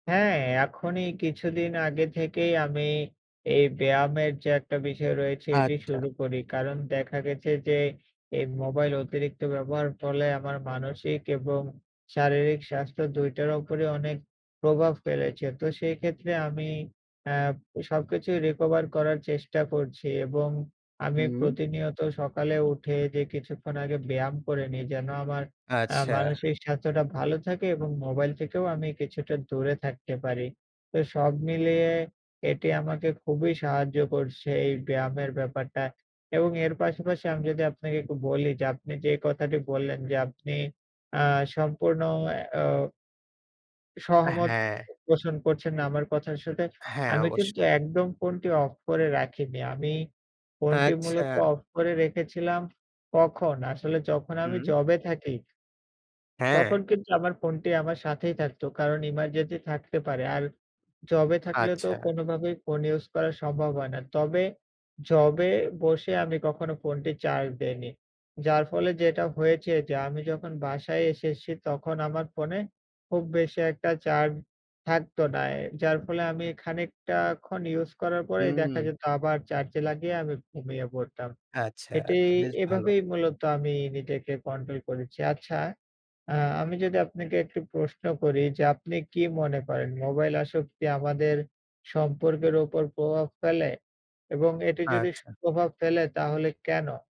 হ্যাঁ, এখনই কিছুদিন আগে থেকেই আমি এই ব্যায়ামের যে একটা বিষয় রয়েছে, এটি আচ্ছা। শুরু করি। কারণ দেখা গেছে যে, এই মোবাইল অতিরিক্ত ব্যবহারের ফলে আমার মানসিক এবং শারীরিক স্বাস্থ্য ২ টার উপরে অনেক প্রভাব ফেলেছে। তো সেই ক্ষেত্রে আমি আ সবকিছুই রিকভার করার চেষ্টা করছি। এবং আমি হু। প্রতিনিয়ত সকালে উঠে যে কিছুক্ষণ আগে ব্যায়াম করে নেই, যেন আমার আ আচ্ছা। মানসিক স্বাস্থ্যটা ভালো থাকে এবং মোবাইল থেকেও আমি কিছুটা দূরে থাকতে পারি। তো সব মিলিয়ে এটি আমাকে খুবই সাহায্য করছে, এই ব্যায়ামের ব্যাপারটা। এবং এর পাশাপাশি, আমি যদি আপনাকে একটু বলি যে, আপনি যেই কথাটি বললেন যে, আপনি আ সম্পূর্ণ আ ও আ সহমত হ্যাঁ। পোষণ করছেন না, আমার কথার সাথে। হ্যাঁ, আমি কিন্তু অবশ্যই। একদম ফোনটি অফ করে রাখিনি। আমি ফোনটি মূলত আচ্ছা। অফ করে রেখেছিলাম কখন? আসলে যখন আমি হু। জবে থাকি তখন হ্যাঁ। কিন্তু আমার ফোনটি আমার সাথেই থাকত। কারণ এমার্জেন্সি থাকতে পারে। আর জবে থাকলে তো আচ্ছা। কোনোভাবেই ফোন ইউজ করা সম্ভব হয় না। তবে, জবে বসে আমি কখনো ফোনটি চার্জ দেইনি। যার ফলে যেটা হয়েছে যে, আমি যখন বাসায় এসেছি তখন আমার ফোনে খুব বেশি একটা চার্জ থাকত না। এ যার ফলে আমি খানিকটা ক্ষণ ইউজ করার উ পরে দেখা হু। যেত আবার চার্জে লাগিয়ে আমি ঘুমিয়ে পড়তাম। আচ্ছা, এটি তো বেশ ভালো। এভাবেই মূলত আমি নিজেকে কন্ট্রোল করেছি। আচ্ছা, আ আমি যদি আপনাকে একটি প্রশ্ন করি যে, আপনি কি মনে করেন, মোবাইল আসক্তি আমাদের সম্পর্কের উপর প্রভাব ফেলে? এবং এটি যদি ফ আচ্ছা। প্রভাব ফেলে, তাহলে কেনো?